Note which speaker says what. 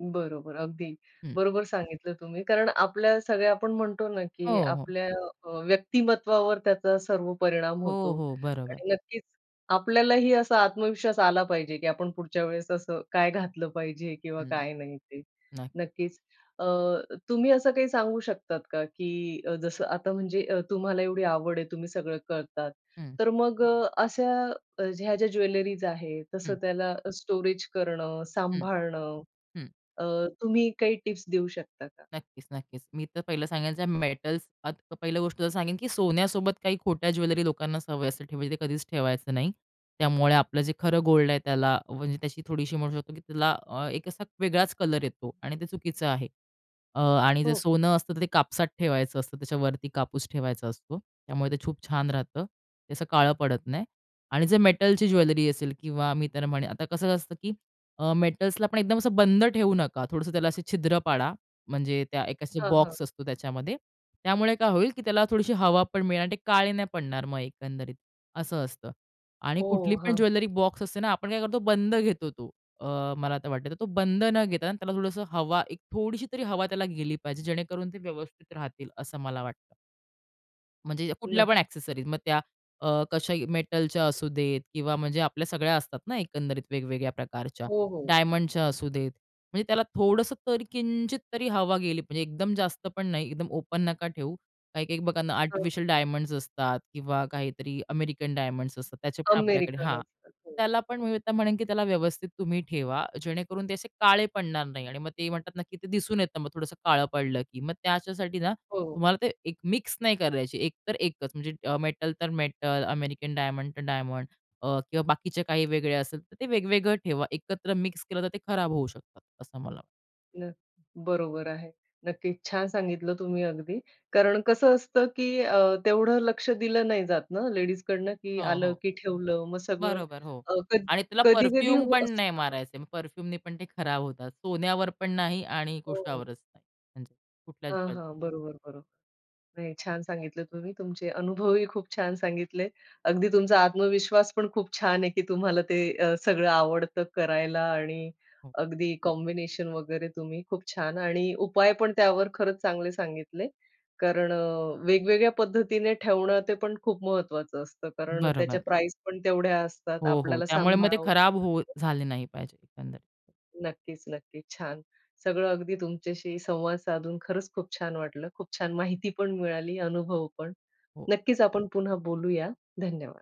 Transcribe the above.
Speaker 1: बरोबर, अगदी.
Speaker 2: हं.
Speaker 1: बरोबर सांगितलं तुम्ही, कारण आपल्या सगळ्या आपण म्हणतो ना की
Speaker 2: हो, हो.
Speaker 1: आपल्या अ, व्यक्तिमत्वावर त्याचा सर्व परिणाम
Speaker 2: हो,
Speaker 1: होतो
Speaker 2: हो. बरोबर.
Speaker 1: आणि नक्कीच आपल्यालाही असा आत्मविश्वास आला पाहिजे की आपण पुढच्या वेळेस असं काय घातलं पाहिजे किंवा
Speaker 2: हं,
Speaker 1: काय नाही ते,
Speaker 2: न
Speaker 1: नक्कीच. अ, तुम्ही असं काही सांगू शकतात का? की जसं आता म्हणजे तुम्हाला एवढी आवड आहे तुम्ही सगळं करतात,
Speaker 2: हं.
Speaker 1: तर मग अ, अशा ह्या ज्या ज्वेलरीज आहेत तसं,
Speaker 2: हं.
Speaker 1: त्याला स्टोरेज करणं,
Speaker 2: हं,
Speaker 1: सांभाळणं,
Speaker 2: हं.
Speaker 1: अ, तुम्ही काही टिप्स देऊ शकता का?
Speaker 2: नक्कीच, नक्कीच. मी तर पहिलं सांगायचं मेटल्स आता पहिल्या गोष्ट तर सांगेन की सोन्यासोबत काही खोट्या ज्वेलरी लोकांना सवय असे ठेवायची ते कधीच ठेवायचं नाही. त्यामुळे आपलं जे खरं
Speaker 1: अच्छा.
Speaker 2: गोल्ड आहे त्याला म्हणजे त्याची थोडीशी म्हणू शकतो की त्याला अ, एक असा वेगळाच कलर येतो आणि ते चुकीचं आहे. अ, आणि जर
Speaker 1: हो.
Speaker 2: सोनं असतं तर ते कापसात ठेवायचं असतं त्याच्यावरती कापूस ठेवायचा असतो. त्यामुळे ते खूप छान राहतं. ते असं काळं पडत नाही आणि जे मेटलची
Speaker 1: हो.
Speaker 2: ज्वेलरी असेल किंवा मी त्यांना म्हणेन आता कसं असतं की अ, मेटल्सला आपण एकदम असं बंद ठेवू नका. थोडंसं त्याला असे छिद्र पाडा म्हणजे त्या एक अशी
Speaker 1: हां, हां.
Speaker 2: बॉक्स असतो त्याच्यामध्ये. त्यामुळे काय होईल की त्याला थोडीशी हवा पण मिळेल आणि ते काळे नाही पडणार. मग एकंदरीत असं असतं. आणि कुठली
Speaker 1: ओह!
Speaker 2: पण
Speaker 1: हां, हां.
Speaker 2: ज्वेलरी बॉक्स असते ना आपण काय करतो बंद घेतो तो अ, मला आता वाटतं तर तो बंद न घेता त्याला थोडंसं हवा, एक थोडीशी तरी हवा त्याला गेली पाहिजे जेणेकरून ते व्यवस्थित राहतील असं मला वाटतं. म्हणजे कुठल्या पण
Speaker 1: नक्की.
Speaker 2: एक्सेसरीज मग त्या अ, कशा मेटलच्या असू देत किंवा म्हणजे आपल्या सगळ्या असतात ना एकंदरीत वेगवेगळ्या प्रकारच्या
Speaker 1: हो, हो.
Speaker 2: डायमंडच्या असू देत. म्हणजे त्याला थोडसं तर किंचित तरी हवा गेली म्हणजे एकदम जास्त पण नाही एकदम ओपन नका ठेऊ. काही-काही बघा ना
Speaker 1: हां.
Speaker 2: आर्टिफिशियल डायमंड्स असतात किंवा काहीतरी अमेरिकन डायमंड्स असतात त्याचे पण आपल्याकडे
Speaker 1: अमेरिकन
Speaker 2: हां.
Speaker 1: असतात, हो.
Speaker 2: त्याला पण मी म्हणेन की त्याला व्यवस्थित तुम्ही ठेवा. जेणेकरून ते असे काळे पडणार नाही आणि मग ते म्हणतात नक्की ते दिसून येतं मग थोडंसं काळं पडलं की मग त्याच्यासाठी ना
Speaker 1: हो, हो.
Speaker 2: तुम्हाला ते एक मिक्स नाही करायची. एक तर एकच म्हणजे मेटल तर मेटल, अमेरिकन डायमंड तर डायमंड किंवा बाकीचे काही वेगळे असेल तर ते वेगवेगळं ठेवा. एकत्र मिक्स केलं तर ते खराब होऊ शकतात असं मला.
Speaker 1: नक्की, बरोबर आहे. नक्कीच छान सांगितलं तुम्ही अगदी, कारण कसं असतं की अ, तेवढं लक्ष दिलं नाही जात ना लेडीजकडनं की
Speaker 2: हो,
Speaker 1: आलं,
Speaker 2: हो.
Speaker 1: की ठेवलं मग सगळं
Speaker 2: बरोबर. हो
Speaker 1: अ,
Speaker 2: आणि त्याला
Speaker 1: कधी-कधी
Speaker 2: परफ्यूम
Speaker 1: हो
Speaker 2: पण नाही
Speaker 1: [unintelligible]
Speaker 2: मारायचे. परफ्यूमनी पण ते खराब होतात. सोन्यावर पण नाही आणि
Speaker 1: हो.
Speaker 2: कुशावरच नाही. म्हणजे कुठल्याच
Speaker 1: हां,
Speaker 2: ज्वेलरी
Speaker 1: हां. बरोबर, बरोबर, नाही छान सांगितलं तुम्ही तुमचे अनुभवही खूप छान सांगितले. अगदी तुमचा आत्मविश्वास पण खूप छान आहे की तुम्हाला ते अ, सगळं आवडतं करायला आणि
Speaker 2: हो.
Speaker 1: अगदी कॉम्बिनेशन वगैरे तुम्ही खूप छान आणि उपाय पण त्यावर खरंच चांगले सांगितले. कारण अ, वेगवेगळ्या पद्धतीने ठेवणं ते पण खूप महत्वाचं असतं. कारण अ, त्याच्या
Speaker 2: बरोबर.
Speaker 1: प्राईज पण तेवढ्या असतात
Speaker 2: हो, हो.
Speaker 1: आपल्याला
Speaker 2: त्यामुळे मग ते
Speaker 1: सांभाळावं
Speaker 2: खराब होऊ
Speaker 1: [unintelligible]
Speaker 2: झाले नाही पाहिजेल एकंदरीत.
Speaker 1: नक्कीच-नक्कीच, छान, सगळं अगदी तुमच्याशी संवाद साधून खरंच खूप छान वाटलं. खूप छान माहिती पण मिळाली, अनुभवपण.
Speaker 2: हो.
Speaker 1: नक्कीच आपण पुन्हा बोलूया धन्यवाद.